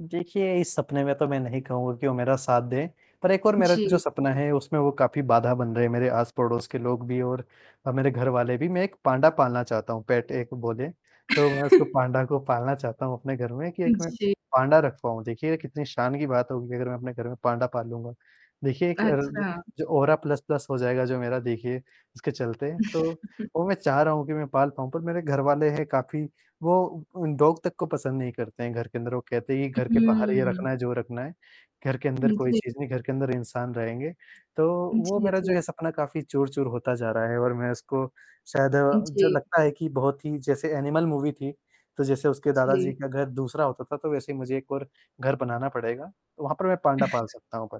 देखिए इस सपने में तो मैं नहीं कहूँगा कि वो मेरा साथ दें पर एक और मेरा जो जी। सपना है, उसमें वो काफ़ी बाधा बन रहे हैं मेरे आस-पड़ोस के लोग भी और अ, मेरे घरवाले भी। मैं एक पांडा पालना चाहता हूँ पेट एक बोले तो, मैं उसको पांडा को पालना चाहता हूँ अपने घर में कि एक मैं जी। पांडा रख पाऊँ, देखिए कितनी शान की बात होगी अगर मैं अपने घर में पांडा पालूँगा। देखिए एक अच्छा। अ, औरा प्लस प्लस हो जाएगा जो मेरा देखिए इसके चलते तो वो मैं चाह रहा हूँ कि मैं पाल पाऊँ पर मेरे घरवाले हैं काफ़ी वो अ, डॉग तक को पसंद नहीं करते हैं घर के अंदर, वो कहते हैं कि घर के बाहर ही रखना हुँ। है जो रखना है, घर के अंदर हुँ, कोई जी। चीज़ नहीं घर के अंदर इंसान रहेंगे। तो वो जी, मेरा जो ये जी। सपना काफ़ी चूर-चूर होता जा रहा है और मैं इसको शायद जो जी। लगता है कि बहुत ही जैसे एनिमल मूवी थी। तो जैसे उसके दादा जी जी। का घर दूसरा होता था तो वैसे ही मुझे एक और घर बनाना पड़ेगा, तो वहाँ पर मैं पांडा पाल सकता हूँ पर,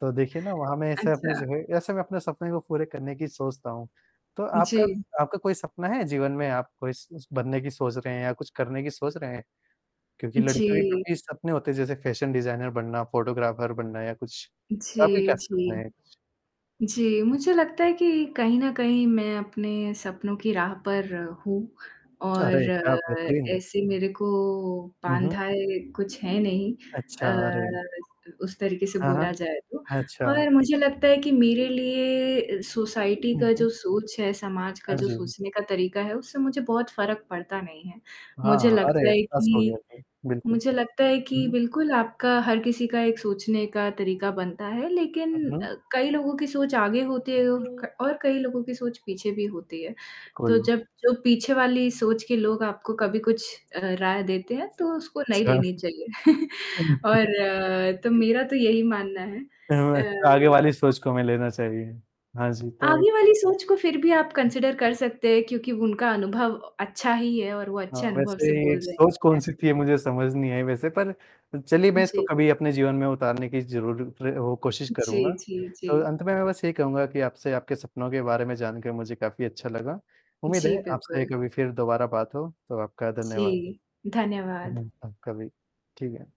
तो देखिए ना वहाँ मैं ऐसे अपने अच्छा। जो है ऐसे मैं अपने सपने को पूरे करने की सोचता हूँ। तो आपका, जी। आपका कोई सपना है जीवन में आप कोई स बनने की सोच रहे हैं या कुछ करने की सोच रहे हैं? क्योंकि लड़कियों के जी। काफ़ी सपने होते हैं जैसे फैशन डिज़ाइनर बनना, फोटोग्राफर बनना या कुछ। आपका जी, क्या सपना जी। है? जी, मुझे लगता है कि कहीं न कहीं मैं अपने सपनों की राह पर हूँ च और अरे! क्या बेहतरीन! ऐसे मेरे को हुँ, हुँ। बाँधा है, कुछ है नहीं अच्छा, अरे! अ, उस तरीके से हाँ, हाँ। बोला जाए तो अच्छा। और मुझे लगता है कि मेरे लिए सोसाइटी हुँ, का हुँ। जो सोच है, समाज का हाँ जो जी। सोचने का तरीका है, उससे मुझे बहुत फ़र्क पड़ता नहीं है। हाँ, मुझे हाँ। लगता अरे! है पास हो गया कि तो, बिल्कुल। मुझे लगता है कि हुँ। बिल्कुल आपका हर किसी का एक सोचने का तरीका बनता है, हुँ, लेकिन हुँ। अ, कई लोगों की सोच आगे होती है और क और कई लोगों की सोच पीछे भी होती है। तो कुल। जब जो पीछे वाली सोच के लोग आपको कभी कुछ अ, राय देते हैं तो उसको नहीं अच्छा। लेनी चाहिए, और तो मेरा तो यही मानना है। हुँ। हमेशा आगे अ वाली सोच को हमें लेना चाहिए। हाँ जी, तो आगे वाली सोच को फिर भी आप कंसिडर कर सकते हैं, क्योंकि उनका अनुभव अच्छा ही है और वो हाँ, अच्छे अनुभव से बोल वैसे रहे हैं सोच कहीं न कौन-सी कहीं। थी मुझे समझ नहीं आई वैसे पर चलिए मैं इसको जी। कभी अपने जीवन में उतारने की ज़रूर प्र अ, कोशिश जी, करूँगा। जी, जी। तो अंत में मैं बस यही कहूँगा कि आपसे आपके सपनों के बारे में जानके मुझे काफ़ी अच्छा लगा। उम्मीद जी, है आपसे बिल्कुल। कभी फिर दोबारा बात हो। तो आपका धन्यवाद। जी। धन्यवाद। हुँ, आपका भी। ठीक है।